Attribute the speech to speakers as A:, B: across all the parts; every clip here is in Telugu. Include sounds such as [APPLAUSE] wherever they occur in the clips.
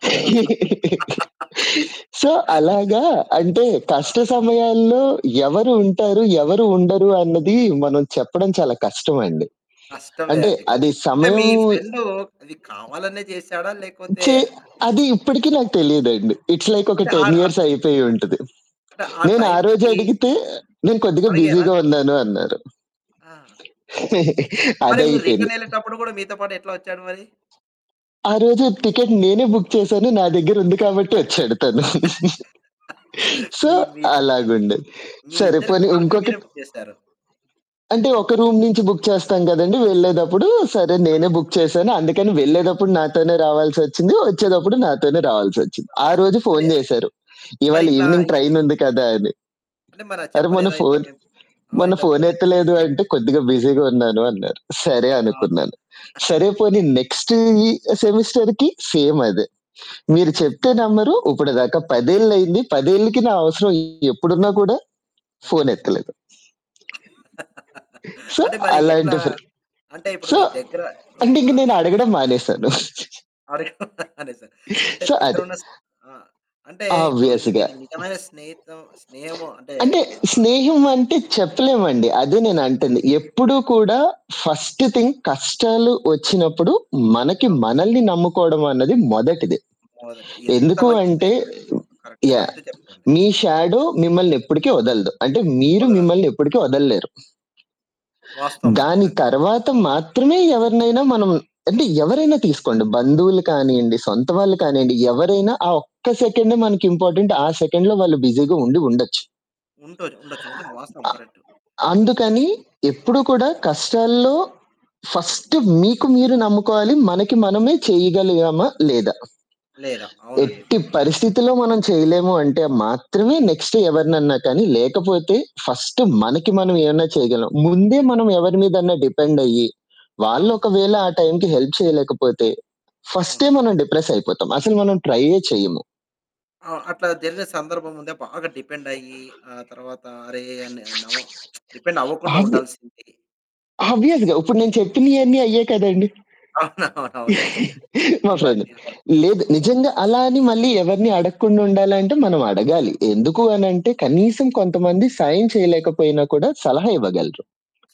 A: [LAUGHS] సో, అలాగా అంటే
B: ఆ!
A: కష్ట సమయాల్లో ఎవరు ఉంటారు, ఎవరు ఉండరు అన్నది మనం చెప్పడం చాలా కష్టమండి.
B: కష్టమే
A: అంటే
B: అండి కానీ.
A: అది
B: అంటే
A: సమయం
B: మీ ఫ్రెండు అది కావాలనే చేసాడ? లేకపోతే
A: ఛీ! అది ఇప్పటికి నాకు తెలీదండి. ఇట్స్ లైక్ ఒక
B: అంటే
A: 10
B: ఆడ్ అట్
A: ఇయర్స్ అయిపోయుంటది.
B: అంటే ఆ
A: నేను ఆరోజే
B: టైమ్‍కి
A: అడిగితే "నేను కొద్దిగా
B: అడిగారా?
A: బిజీగా ఉన్నాను." అన్నారు.
B: ఆ!
A: [CHUCKLES]
B: మరి మీరు
A: అదయిపోయింది.
B: రిటర్న్ ఎళ్ళేటప్పుడు కూడా మీతో పాటు ఎట్లా వచ్చాడు మరి?
A: ఆ రోజు టికెట్ నేనే బుక్ చేశాను. నా దగ్గర ఉంది కాబట్టి వచ్చాడు తను. [CHUCKLES]
B: [LAUGHS]
A: సో,
B: మీ మీ
A: అలాగుండేది.
B: మీ
A: సరే
B: ఇద్దరికీ
A: పోనీ
B: కలిపి
A: ఇంకొకటి
B: మీరే బుక్ చేసారు.
A: అంటే ఒక రూమ్ నుంచి బుక్ చేస్తాం కదండీ వెళ్ళేటప్పుడు సరే
B: ఆ!
A: నేనే బుక్ చేశాను. అందుకని వెళ్ళేటప్పుడు నాతోనే రావాల్సొచ్చింది. వచ్చేటప్పుడు నాతోనే రావాల్సొచ్చింది. ఆరోజు
B: కావాల్సొచ్చింది. మరి,
A: ఫోను చేశారు.
B: మరి
A: "ఇవాళ
B: ఇట్లా
A: ఇవినింగ్
B: ఈ
A: ట్రైన్ ఉంది కదా!" అని.
B: అంటే మరా
A: అరె! మొన్న
B: చెప్పలేదా? ఇట్లా
A: ఫోను
B: మేం ఆ!
A: మొన్న
B: ఇట్లా [UNINTELLIGIBLE]
A: ఫోనెత్తలేదు అంటే "కొద్దిగా బిజీగా ఉన్నాను." అన్నారు సరే
B: అ!
A: అనుకున్నాను.
B: [CHUCKLES]
A: సరే పోనీ నెక్స్ట్ ఈ సెమిస్టర్‍కి సేమ్ అదే. మీరు చెప్తే నమ్మరు ఇప్పడు దాకా 10ఏళ్లు అయింది. 10ఏళ్లకి నా అవసరం ఎప్పుడున్నా కూడా
B: ఆహా!
A: ఫోనెత్తలేదు.
B: [LAUGHS]
A: సో
B: అంటే మరి ఎట్లా
A: అలాంటి ఫ్రెం
B: అంటే ఇప్పుడు
A: సో,
B: మీ దగ్గర
A: అంటే ఇంక
B: ఉన్నా
A: నేనడగడం మానేసాను. [CHUCKLES]
B: అరె! [CHUCKLES] నిజమే. అంటే
A: సో
B: దగ్గర
A: అది.
B: ఉన్న స ఆ! అంటే ఇప్పుడు నువ్వు
A: ఆబ్వియస్‍గా.
B: ఇది నిజమైన స్నేహితం స్నేహము అంటే
A: అంటే
B: ఆహ్
A: స్నేహం అంటే చెప్పలేమండి అదే నేను అంటంది. ఎప్పుడూ కూడా ఫస్ట్ థింగ్ కష్టాలు వచ్చినప్పుడు మనకి
B: అవును.
A: మనల్ని నమ్ముకోవడమన్నది మొదటిది.
B: మొదటి ఎంత
A: ఎందుకు
B: మంచి
A: అంటే
B: స్నేహితుడండి. Correct
A: yeah!
B: కరెక్ట్ చెప్పారండి
A: మీ
B: అవును.
A: షాడో మిమ్మల్ని ఎప్పటికీ వదలదు. అంటే మీరు
B: కుదరదు.
A: మిమ్మల్ని ఎప్పటికీ వదలలేరు.
B: వాస్తవమండి
A: దాని
B: నిజంగా.
A: తరువాత మాత్రమే ఎవరినైనా మనం అంటే ఎవరైనా తీసుకోండి బంధువులు కానియ్యండి, సొంత వాళ్ళు కానియ్యండి, ఎవరైనా ఆ ఒక్క సెకండే మనకి ఇంపార్టెంట్. ఆ సెకండ్‍లో వాళ్ళు బిజీగా ఉండి ఉండొచ్చు.
B: ఉండొ ఉండొచ్చు. నిజం వాస్తవం
A: అ
B: కరెక్టు.
A: అందుకని ఎప్పుడు కూడా కష్టాల్లో ఫస్ట్ మీకు మీరు నమ్ముకోవాలి మనకి మనమే చేయగలిగామా? లేదా?
B: లేదా! అవునండి.
A: ఎట్టి పరిస్థితిలో మనం చేయలేము అంటే మాత్రమే నెక్స్ట్ ఎవరినన్నా కానీ లేకపోతే ఫస్ట్
B: అవును.
A: మనకి మనం ఏమన్నా చేయగలం. ముందే మనం ఎవరి మీదన్న డిపెండ్ అయ్యి, వాళ్ళు
B: అవును.
A: ఒకవేళ ఆ టైమ్‍కి హెల్ప్ చేయలేకపోతే ఫస్టే
B: అవును.
A: మనం డిప్రెస్ అయిపోతాం. అసలు మనం ట్రైయ్యే చెయ్యము.
B: ఆ! అట్లా జరిగిన సందర్భం ముందా? బాగా డిపెండ్ అయ్యి ఆహ్, తర్వాత అరె! అని నామో [SMACKS LIPS] డిపెండ్ అవ్వకుండా
A: ఆబ్వి
B: ఉండాల్సింది అని.
A: ఆబ్వియస్‍గా ఇప్పుడు నేను చెప్పినియన్నీ అయ్యే కదండీ.
B: అవునవును
A: [CHUCKLES] మా ఫ్రెండ్.
B: ఇవన్నీ అవును.
A: లేదు నిజంగా అలా అని మళ్ళీ ఎవరిని అడగకుండా ఉండాలంటే మనం అడగాలి, ఎందుకు అనంటే కనీసం కొంతమంది సాయం చేయలేకపోయినా కూడా సలహా ఇవ్వగలరు.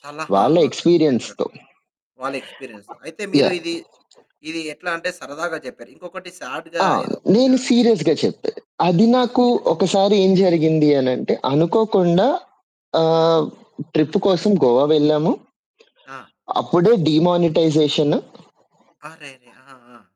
B: సలహా
A: వాళ్ళ
B: ఆ! కరెక్ట్. కరెక్ట్ చెప్పారండి.
A: ఎక్స్‌పీరియన్స్‌తో.
B: వాళ్ళ ఎక్స్‌పీరియన్స్. అయితే మీరు
A: యాహ్!
B: ఇది ఇది ఎట్లా అంటే సరదాగా చెప్పారు. ఇంకొకటి స్యాడ్‍గా
A: ఆ!
B: ఏదో
A: నేను
B: సా
A: సీరియస్‌గా చెప్పాను. అది
B: ఆ!
A: నాకు
B: [UNINTELLIGIBLE]
A: ఒకసారి ఏం జరిగింది అని అంటే అనుకోకుండా
B: హ్మ్.
A: ఆహ్, ట్రిప్ కోసం గోవా వెళ్ళాము.
B: ఆ!
A: అప్పుడే డీమానిటైజేషను.
B: అరెరే! ఆ! ఆ!